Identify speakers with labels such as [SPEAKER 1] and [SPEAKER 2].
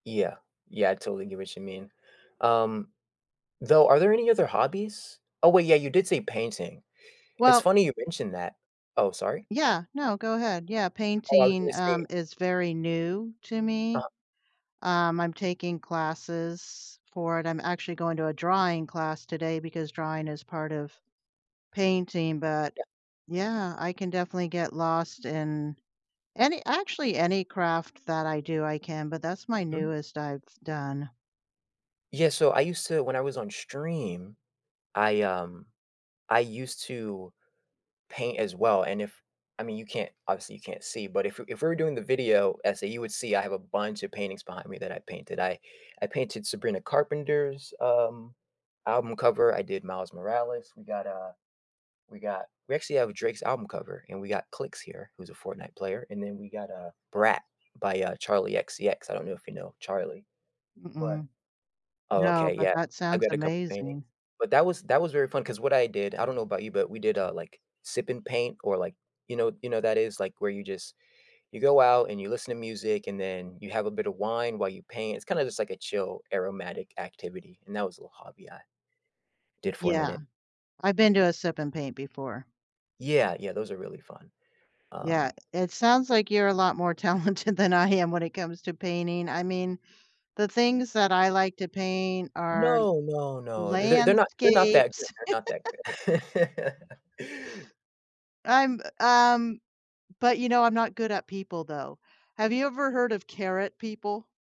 [SPEAKER 1] Yeah. Yeah, I totally get what you mean. Um, though are there any other hobbies? Oh, wait, yeah, you did say painting. It's
[SPEAKER 2] Well
[SPEAKER 1] funny you mentioned that. Oh, sorry?
[SPEAKER 2] yeah. No, go ahead, yeah,
[SPEAKER 1] Oh, I was gonna
[SPEAKER 2] painting,
[SPEAKER 1] say
[SPEAKER 2] um, is very new to me.
[SPEAKER 1] Uh-huh.
[SPEAKER 2] Um, I'm taking classes for it. I'm actually going to a drawing class today because drawing is part of painting, but,
[SPEAKER 1] Yeah.
[SPEAKER 2] yeah, I can definitely get lost in any actually, any craft that I do, I can, but that's my
[SPEAKER 1] Mhm.
[SPEAKER 2] newest I've done.
[SPEAKER 1] Yeah, so I used to when I was on stream, I, um, I used to paint as well. And if I mean, you can't obviously, you can't see, but if if we're doing the video essay, you would see I have a bunch of paintings behind me that I painted. I I painted Sabrina Carpenter's, um, album cover. I did Miles Morales. We got, uh, we got we actually have Drake's album cover, and we got Clix here, who's a Fortnite player. And then we got, uh, Brat by, uh, Charlie XCX. I don't know if you know Charlie. But
[SPEAKER 2] Mm-mm.
[SPEAKER 1] Oh,
[SPEAKER 2] No,
[SPEAKER 1] okay,
[SPEAKER 2] but
[SPEAKER 1] yeah,
[SPEAKER 2] that
[SPEAKER 1] I've
[SPEAKER 2] sounds
[SPEAKER 1] got a couple of paintings,
[SPEAKER 2] amazing.
[SPEAKER 1] but that was that was very fun 'cause what I did I don't know about you, but we did, uh, like, sip and paint or, like, you know you know, that is, like, where you just you go out and you listen to music and then you have a bit of wine while you paint. It's kinda just like a chill aromatic activity, and that was a little hobby I did for a
[SPEAKER 2] Yeah.
[SPEAKER 1] minute.
[SPEAKER 2] I've been to a sip and paint before.
[SPEAKER 1] Yeah, yeah, those are really fun.
[SPEAKER 2] Yeah.
[SPEAKER 1] Um
[SPEAKER 2] It sounds like you're a lot more talented than I am when it comes to painting. I mean, the things that I like to paint are
[SPEAKER 1] no, no, no. They're they're not they're not that good
[SPEAKER 2] landscapes
[SPEAKER 1] they're not that good.
[SPEAKER 2] I'm, um, but you know, I'm not good at people, though. Have you ever heard of carrot people?